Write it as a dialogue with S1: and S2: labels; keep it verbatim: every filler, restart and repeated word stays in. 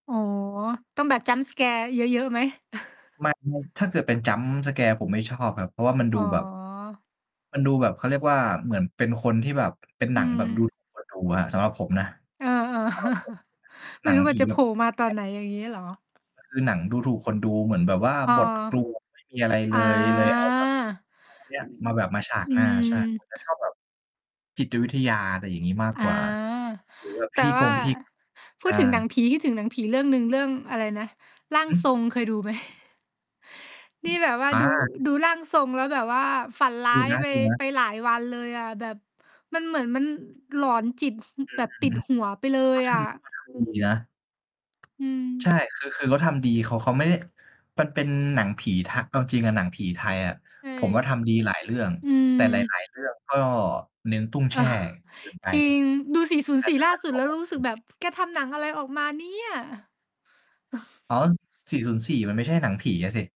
S1: อ๋อ ต้องแบบ Jump scare เยอะ ๆ ไหม?
S2: ไม่ ถ้าเกิดเป็น Jump scare ผมไม่ ชอบ ครับ เพราะว่ามัน
S1: อ
S2: ดู
S1: ๋อ
S2: แบบ มันดูแบบ เขาเรียกว่า เหมือนเป็นคนที่แบบ เป็นห
S1: อ
S2: น
S1: ื
S2: ังแบบ ดู
S1: ม
S2: ถูกคนดูอะ ครับ สำหรับผมนะ
S1: เออ ๆ
S2: สำหรับผมนะ
S1: ไ
S2: ห
S1: ม
S2: น
S1: ่
S2: ัง
S1: รู้ว
S2: ผ
S1: ่า
S2: ี
S1: จะ
S2: แ
S1: โ
S2: บ
S1: ผ
S2: บ
S1: ล่
S2: ทำ
S1: มา
S2: อย่าง
S1: ต
S2: เ
S1: อ
S2: งี
S1: น
S2: ้ย
S1: ไหน อย่างงี้เหรอ?
S2: มัน คือหนังดูถูกคนดู เหมือนแบบว่า
S1: อา
S2: บท กลวง ไม่มี อะไรเ
S1: อา
S2: ลย เลย เอาแบบ เอาอันเนี้ย มาแบบมาฉาก
S1: อื
S2: หน้า ใช่
S1: ม
S2: ผมจะชอบแบบ จิตวิทยา อะไรอย่างงี้ มาก
S1: อา
S2: กว่า หรือแบบ
S1: แ
S2: พ
S1: ต
S2: ิ
S1: ่
S2: ธี
S1: ว
S2: ก
S1: ่า
S2: งพิธี กรรม
S1: พู
S2: ใช
S1: ด
S2: ่
S1: ถึงหนังผี คิดถึงหนังผีเรื่องหนึ่ง เรื่องอะไรนะ "ร่าง
S2: อื
S1: ทร
S2: ม
S1: ง" เคยดูไหม?
S2: อ
S1: น
S2: ื
S1: ี่
S2: อ
S1: แบบว่า
S2: อ
S1: ดู
S2: า
S1: ดูร่างทรง แล้วแบบว่าฝันร้
S2: ด
S1: า
S2: ู
S1: ย
S2: น
S1: ไป
S2: ะ
S1: ไ
S2: ๆ
S1: ปหลายวันเลยอะ แบบมันเหมือนมัน หลอนจิต
S2: อื
S1: แบ
S2: อ
S1: บ
S2: ฮ
S1: ติด
S2: ึ
S1: หั
S2: เข
S1: วไปเลย
S2: าท
S1: อะ
S2: ำ เขาทำดี นะ
S1: อื
S2: ใช่
S1: ม
S2: คือ คือ เขาทำดี เขา เขาไม่ได้ มันเป็นหนังผีทะ เอาจริงอะหนังผีไทยอะ
S1: ใช่
S2: ผมว่าทำดีหลายเรื่อง
S1: อืม
S2: แต่ หลาย ๆ เรื่อง ก็เน้นตุ้งแช่ เกินไป
S1: จริง ดู สี่ศูนย์สี่
S2: แ
S1: ล
S2: ต
S1: ่
S2: ่กับ "ร่
S1: า
S2: าง
S1: สุ
S2: ท
S1: ด
S2: ร
S1: แ
S2: ง"
S1: ล้
S2: แ
S1: ว
S2: บบ
S1: รู้ส
S2: โ
S1: ึ
S2: อ
S1: กแบ
S2: เ
S1: บ
S2: ค
S1: "แกทำหนังอะไรออกมาเนี่ย!"
S2: อ๋อ ส สี่ศูนย์สี่ มันไม่ใช่หนังผีอะสิ